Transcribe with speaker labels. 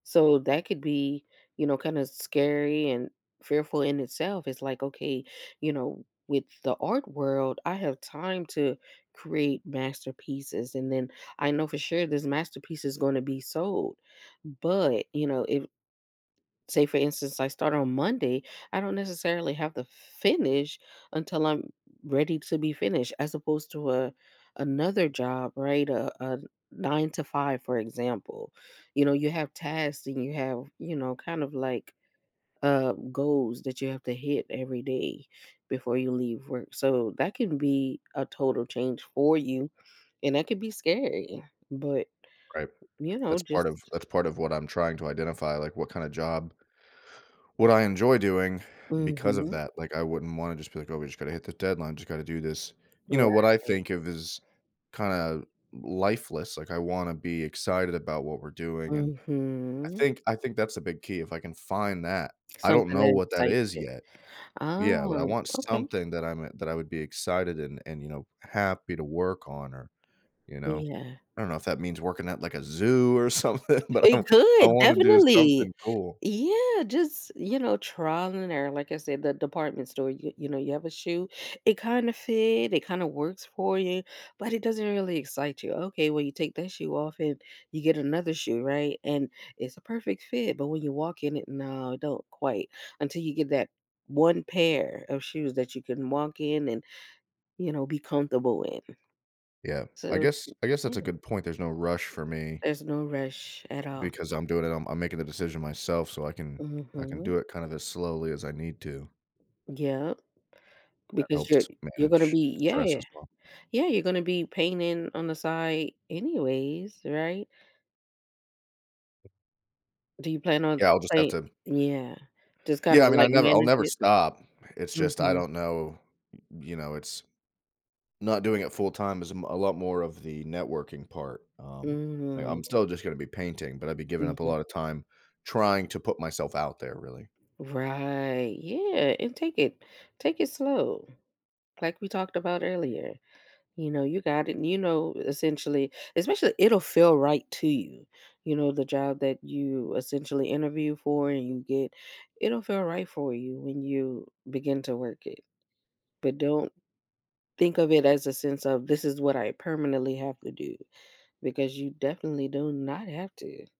Speaker 1: So that could be, you know, kinda s scary and fearful in itself. It's, like, okay, you know, w with the art world, I have time to create masterpieces, and then, I know for sure this masterpiece is gonna be sold, but, you know, if say for instance, I start on Monday, I don't necessarily have to f finish until I'm r ready to be finished, as opposed to a another job, right? Uh, a n 9 to 5, for example, you know, you have tasks and you have, you know, kind of, like, uh, goals that you have to hit every day before you leave work, so that can be a total change for you, and that could be scary, but,
Speaker 2: Right.
Speaker 1: you know,
Speaker 2: That's part
Speaker 1: just
Speaker 2: of that's part of what I'm trying to identify, like, what kinda job what I enjoy doing, because of
Speaker 1: Mhm.
Speaker 2: that, like, I wouldn't wanna just be, like, "Oh, we just gotta hit the deadline. Just gotta do this," you know, what I
Speaker 1: Right.
Speaker 2: think of is kinda l lifeless, like, I wanna be excited about what we're doing, and I
Speaker 1: Mhm.
Speaker 2: think I think that's a big key if I can find that. I don't
Speaker 1: Something
Speaker 2: know
Speaker 1: that
Speaker 2: what that
Speaker 1: excites
Speaker 2: is
Speaker 1: you.
Speaker 2: yet. Yeah, but I
Speaker 1: Oh,
Speaker 2: want
Speaker 1: okay.
Speaker 2: something that I'm e that I would be excited and and, you know, happy to work on or you know,
Speaker 1: Yeah.
Speaker 2: I don't know if that means working at, like, a zoo or something, but I
Speaker 1: It
Speaker 2: want I
Speaker 1: could,
Speaker 2: wanna do
Speaker 1: definitely,
Speaker 2: something cool.
Speaker 1: yeah, just, you know trial and error, like I said, the department store, you you know you have a shoe; It kinda fit. It kinda works for you, but it doesn't really excite you. Okay, well, you take that shoe off and you get another shoe, right? And it's a perfect fit, but when you walk in it, no, don't quite until you get that one pair of shoes that you can walk in and, you know be comfortable in,
Speaker 2: Yeah. I
Speaker 1: so
Speaker 2: guess I guess that's a
Speaker 1: yeah.
Speaker 2: good point. There's no rush for me
Speaker 1: There's no rush, at all.
Speaker 2: because I'm doing it. I'm I'm making the decision myself so I can I can
Speaker 1: Mhm.
Speaker 2: do it kind of as slowly as I need to.
Speaker 1: Yep,
Speaker 2: That
Speaker 1: because you're
Speaker 2: helps
Speaker 1: you're gonna
Speaker 2: manage
Speaker 1: be
Speaker 2: stress
Speaker 1: yeah.
Speaker 2: as well.
Speaker 1: Yeah, you're gonna be painting on the side anyways, right? Do you plan on
Speaker 2: Yeah, I'll just have
Speaker 1: play
Speaker 2: to
Speaker 1: yeah, just kinda,
Speaker 2: Yeah, I mean, I
Speaker 1: like,
Speaker 2: never I'll
Speaker 1: manage
Speaker 2: never
Speaker 1: it.
Speaker 2: stop. It's just I
Speaker 1: Mhm.
Speaker 2: don't know. Y you know, it's not doing it full time is m a lot more of the networking part, um, like, I'm
Speaker 1: Mm.
Speaker 2: still just gonna be painting, but I'd be giving up a
Speaker 1: Mhm.
Speaker 2: lotta time trying to put myself out there, really.
Speaker 1: Right. Yeah, and take it take it slow, like we talked about earlier, you know, you got it and, you know, essentially especially it'll feel right to you, you know, the job that you essentially interview for and you get, it'll feel right for you when you begin to work it, but don't think of it as a sense of, “This is what I permanently have to do,” because you definitely do not have to.